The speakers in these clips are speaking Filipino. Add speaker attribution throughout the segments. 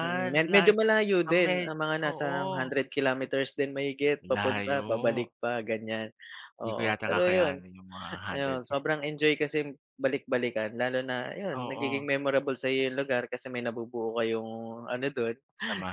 Speaker 1: Mm,
Speaker 2: ang
Speaker 1: medyo
Speaker 2: layo,
Speaker 1: malayo
Speaker 2: ah,
Speaker 1: din, ah,
Speaker 2: med
Speaker 1: mga nasa
Speaker 2: oo.
Speaker 1: hundred kilometers din mahigit papunta,
Speaker 2: Layo.
Speaker 1: pabalik pa ganyan.
Speaker 2: Di ko
Speaker 1: Oo
Speaker 2: yata
Speaker 1: pero yun
Speaker 2: kakayanan yung mga hundred
Speaker 1: ayun
Speaker 2: k.
Speaker 1: sobrang enjoy kasi balik-balikan lalo na yun nagiging
Speaker 2: Oo.
Speaker 1: memorable sayo yung lugar kasi may nabubuo kayong ano dun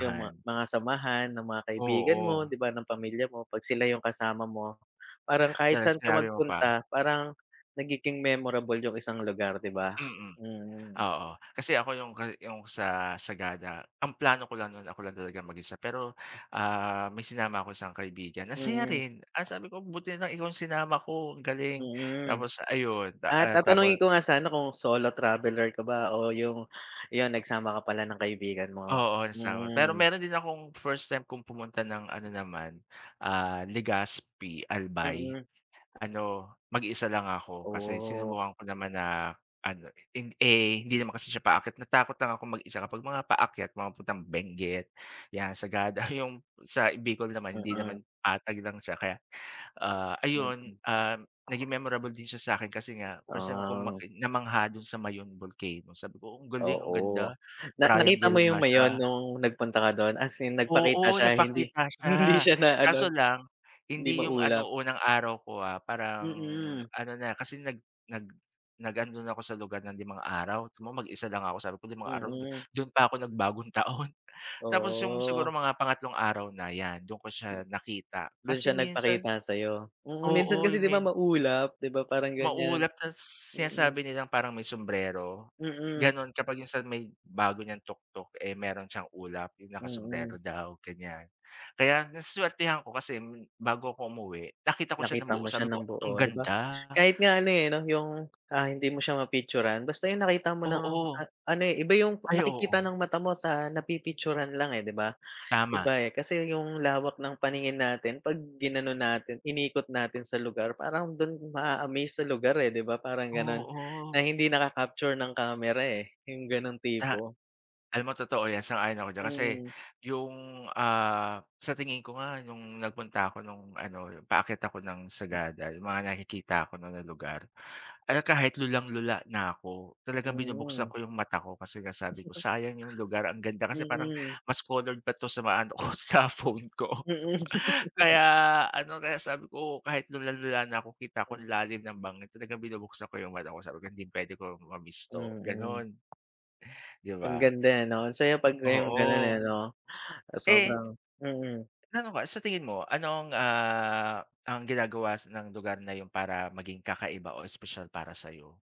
Speaker 1: yung mga samahan ng mga kaibigan mo,
Speaker 2: Oo.
Speaker 1: di ba ng pamilya mo, pag sila yung kasama mo, parang kahit saan
Speaker 2: Talas
Speaker 1: ka
Speaker 2: sinabi mo pa.
Speaker 1: magpunta parang nagiging memorable yung isang lugar di ba?
Speaker 2: Mm
Speaker 1: Mm.
Speaker 2: oo. Kasi ako yung gani yung sa Sagada ang plano ko lang nun ako lang talaga mag-isa pero, ah, may sinama ako isang kaibigan. Ang saya
Speaker 1: Mm.
Speaker 2: rin, ah, sabi ko buti na lang ikaw sinama ko galing
Speaker 1: Mm,
Speaker 2: tapos ayun,
Speaker 1: ah,
Speaker 2: ah, tapos
Speaker 1: tatanungin ko nga sana kung solo traveler ka ba o yung yun nagsama ka pala ng kaibigan mo,
Speaker 2: Oo sinama pero
Speaker 1: mm.
Speaker 2: meron din akong first time kung pumunta ng ano naman, ah, Legaspi, Albay.
Speaker 1: Mm.
Speaker 2: Ano mag-isa lang ako kasi
Speaker 1: Oh.
Speaker 2: sinubukan ko naman na ano, eh, eh, hindi naman kasi siya paakyat natakot lang akong mag-isa kapag mga paakyat mga papuntang Benguet yan, Sagada. Yung sa Bicol naman hindi
Speaker 1: Mm.
Speaker 2: naman, patag lang siya kaya, ah, ayun,
Speaker 1: Mm.
Speaker 2: ah, naging memorable din siya sakin kasi nga first time kung
Speaker 1: Ah.
Speaker 2: makita mamangha dun sa Mayon Volcano sabi ko ang galing ang
Speaker 1: Oo,
Speaker 2: ganda
Speaker 1: na nakita mo
Speaker 2: triangle
Speaker 1: yung
Speaker 2: nga siya.
Speaker 1: Mayon nung nagpunta ka dun? As in nagpakita
Speaker 2: Oo
Speaker 1: siya hindi
Speaker 2: nagpakita siya
Speaker 1: hindi siya na ano.
Speaker 2: kaso lang
Speaker 1: Di
Speaker 2: hindi yung ano
Speaker 1: maulap?
Speaker 2: unang araw ko, ah. Parang
Speaker 1: Mm.
Speaker 2: ano na kasi nag nag nag andun na ako sa lugar ng limang araw so mag-isa lang ako sabi ko 5 araw
Speaker 1: Mm.
Speaker 2: dun pa ako nag bagong taon. Tapos yung siguro
Speaker 1: Oo.
Speaker 2: mga pangatlong araw na yan, dun ko siya nakita
Speaker 1: Dun
Speaker 2: kasi
Speaker 1: siya
Speaker 2: minsan.
Speaker 1: nagpakita sayo? Mm, minsan
Speaker 2: Oo
Speaker 1: kasi
Speaker 2: yung
Speaker 1: di
Speaker 2: may
Speaker 1: ba maulap di ba parang ganyan,
Speaker 2: Maulap tas
Speaker 1: mm.
Speaker 2: sinasabi nilang parang may sumbrero.
Speaker 1: Mm.
Speaker 2: Ganon, kapag yung sa may bago niyang tuktok, eh, meron siyang ulap yung naka sumbrero
Speaker 1: Mm.
Speaker 2: daw ganyan. Kaya na swertehan ko kasi bago ako umuwi nakita ko siya ng
Speaker 1: Nakita
Speaker 2: buo
Speaker 1: mo siya
Speaker 2: sabi ko
Speaker 1: ng
Speaker 2: ang
Speaker 1: buo di ba?
Speaker 2: ganda.
Speaker 1: Kahit nga ano, eh, yung, ah, hindi mo siya ma-picturan basta yung nakita mo ng
Speaker 2: Oo.
Speaker 1: ano, eh, iba yung
Speaker 2: Ay
Speaker 1: nakikita
Speaker 2: oo.
Speaker 1: ng mata mo sa na pi-picturan lang, eh, di ba?
Speaker 2: Tama.
Speaker 1: Iba eh. Kasi yung lawak ng paningin natin pag inano natin inikot natin sa lugar parang dun maa-amaze sa lugar, eh, di ba? Parang ganon.
Speaker 2: Oo.
Speaker 1: Ang hindi naka capture ng kamera, eh, yung ganong
Speaker 2: Ta
Speaker 1: tipo.
Speaker 2: alam mo totoo yan sang-ayon ako diyan. Kasi
Speaker 1: Hmm.
Speaker 2: yung, ah, sa tingin ko nga nung nagpunta ako nung ano paakyat ako ng Sagada mga nakikita ko na ng lugar at kahit lulang-lula na ako talagang binubuksan
Speaker 1: Mm.
Speaker 2: ko yung mata ko kasi nga sabi ko sayang yung lugar ang ganda kasi parang
Speaker 1: Mm.
Speaker 2: mas colored pa to sa mga ano ko sa phone ko.
Speaker 1: Mm.
Speaker 2: Kaya ano, kaya sabi ko kahit lulang-lula na ako kita ko
Speaker 1: Hmm.
Speaker 2: ang lalim ng bangin talagang binubuksan ko yung mata ko sabi hindi puwede kong ma-miss to,
Speaker 1: Mm.
Speaker 2: ganun. Di
Speaker 1: Ang
Speaker 2: ba?
Speaker 1: ganda, eh, no? Ang saya pag yung ganun,
Speaker 2: Oo.
Speaker 1: eh, no?
Speaker 2: Eh.
Speaker 1: Sobrang mm.
Speaker 2: Ano ba sa tingin mo? Anong, ah, ang ginagawa ng lugar na yun para maging kakaiba o espesyal para sayo?